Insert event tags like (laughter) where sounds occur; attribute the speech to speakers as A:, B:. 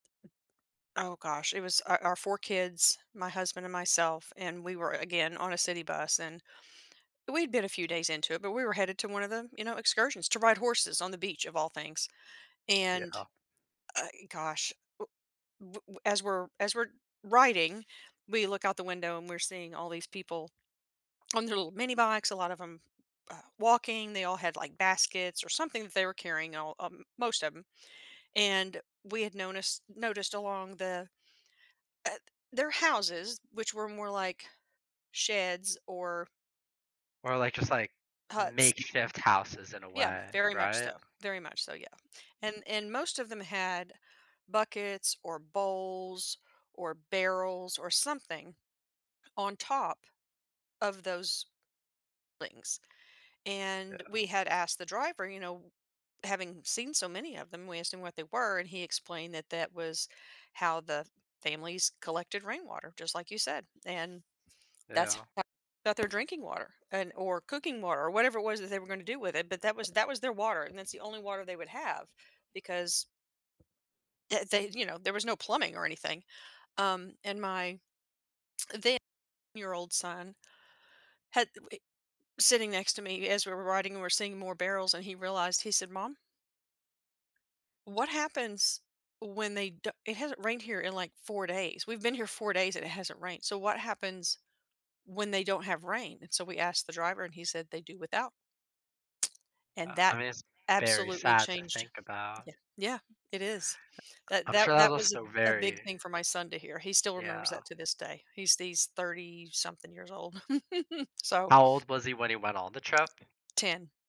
A: Oh, gosh, it was our our 4 kids, my husband and myself and we were, again, on a city bus and we'd been a few days into it, but we were headed to one of them, you know, excursions to ride horses on the beach of all things
B: Yeah.
A: and, uh e gosh, u w w as we're as we're riding, we look out the window and we're seeing all these people on their little minibikes. A lot of 'em, uh, walking, they all had, like, baskets or something that they were carrying, all uh most of 'em, and we had noticed noticed along the uh their houses, which were more like sheds or
B: Or, like, just, like,
A: huts.
B: makeshift houses, in a
A: Yeah,
B: way,
A: very much
B: right?
A: so, very much so, yeah and and most of them had buckets or bowls or barrels or something on top of those things and
B: Yeah.
A: we had asked the driver, you know, having seen so many of them, we assumed what they were and he explained that that was how the families collected rainwater, just like you said, and that's
B: Yeah.
A: (unintelligible) their drinking water and or cooking water, or whatever it was that they were going to do with it, but that was that was their water and that's the only water they would have because eh they, you know, there was no plumbing or anything, um, and my (smacks lips) then (unintelligible) year-old son had th w sitting next to me as we were riding and we're seeing more barrels and he realized, he said, "Mom" "what happens when they don't it hasn't rained here in, like, 4 days, we've been here 4 days, and it hasn't rained. So what happens when they don't have rain?" And so we asked the driver, and he said, "They do without." (tsk) And
B: Yeah. I
A: that
B: mean, it's very
A: absolutely
B: sad to
A: changed
B: think about.
A: yeah yeah, it is. That
B: I'm sure
A: that
B: (unintelligible) was
A: that was
B: also
A: a a big
B: very
A: thing for my son to hear, he still remembers
B: Yeah.
A: that to this day. He's he's 30-something years old. (chuckles) So
B: How old was he when he went on the trip?
A: 10.